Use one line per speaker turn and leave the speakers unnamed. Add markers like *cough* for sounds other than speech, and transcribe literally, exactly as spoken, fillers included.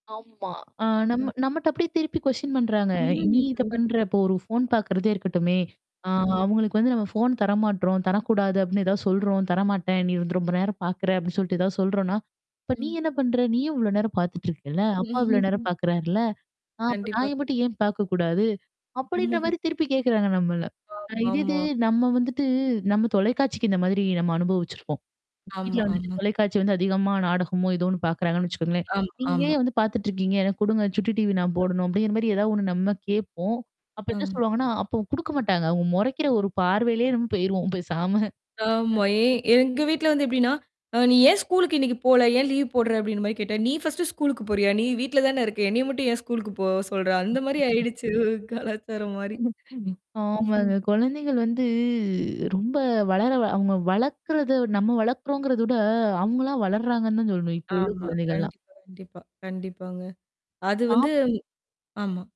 ஆமா. அ நம்ம
ம்.
நம்மட்ட அப்பிடியே திருப்பி கொஸ்டின் பண்றாங்க, நீ
ம்.
இத பண்ற
கண்டிப்பக.
இப்போ ஒரு ஃபோன் பாக்கறதே இருக்கட்டுமே. ஆ
ம்.
அவங்களுக்கு வந்து நம்ம ஃபோன் தரமாட்றோம், தரக்கூடாது அப்டின்னு ஏதாவது சொல்றோம், தரமாட்டேன். நீ வந்து ரொம்ப நேரம் பாக்கறே அப்டின்னு சொல்லிட்டு ஏதாவது சொல்றோம்னா. இப்ப நீ
ம்.
என்ன பண்ற? நீயும் இவ்வளோ நேரம் பாத்துட்டிருக்கல்ல. அப்பா இவ்வளோ நேரம்
*chuckles*
பாக்குறார்ல? ஆ அப்ப நாய
கண்டிப்பாக்.
மட்டும் ஏன் பாக்ககூடாது. அப்டின்ற
*chuckles*
மாரி திருப்பி கேட்கறாங்க நம்மள. அ இதேது
ஆமாமா.
நம்ம வந்துட்டு நம்ம தொலைக்காட்சிக்கு இந்த மாரி நம்ம அனுபவிச்சிருக்கோம். வீட்ல
ஆமா
வந்துட்டு
ஆமா.
தொலைக்காட்சி வந்து அதிகமா நாடகமோ, இதோன்னு பாக்கறாங்கன்னு வச்சுக்கோங்களேன்.
ஆம்.
நீங்கயே
ஆமா.
வந்து பாத்துட்டுருக்கீங்க எனக்கு குடுங்க சுட்டி டிவி நான் போடணும்
ஆமா.
அப்டிங்கிற மாரி ஏதாவது ஒண்ணு நம்ம கேப்போம். அப்ப என்ன சொல்லுவாங்கன்னா, அப்ப குடுக்க மாட்டாங்க. அவங்க மொறைக்கிற ஒரு பார்வையிலே நம்ம போயிருவோம் போசாம.
ஆமா. ஏ எங்க வீட்ல வந்து எப்டின்னா? அ "நீ ஏன் ஸ்கூலுக்கு இன்னைக்கு போல? ஏன் லீவ் போடு்ற?" அப்டின்னு மாரி கேட்டா." நீ ஃபர்ஸ்ட்டு ஸ்கூலுக்கு போறியா? நீ வீட்ல தானே இருக்க. என்னைய மட்டும் ஏன் ஸ்கூலுக்கு போ சொல்ற?" அந்த மாரி ஆயிடுச்சு கலாச்சாரம் மாரி.
*unintelligible*
ம்ஹ்ம்.
ஆமாங்க. குழந்தைகள் வந்து ரொம்ப வளர வ அவங்க வளக்றத நம்ம வளக்கறோங்கிறத விட அவங்கலாம் வளர்றாங்கன்னு தான் சொல்லணும். இப்போ உள்ள
ஆமா.
குழந்தைகள்லாம்.
கண்டிப்பா, கண்டிப்பா, கண்டிப்பாங்க. அது
டாப்
வந்து ஆமா.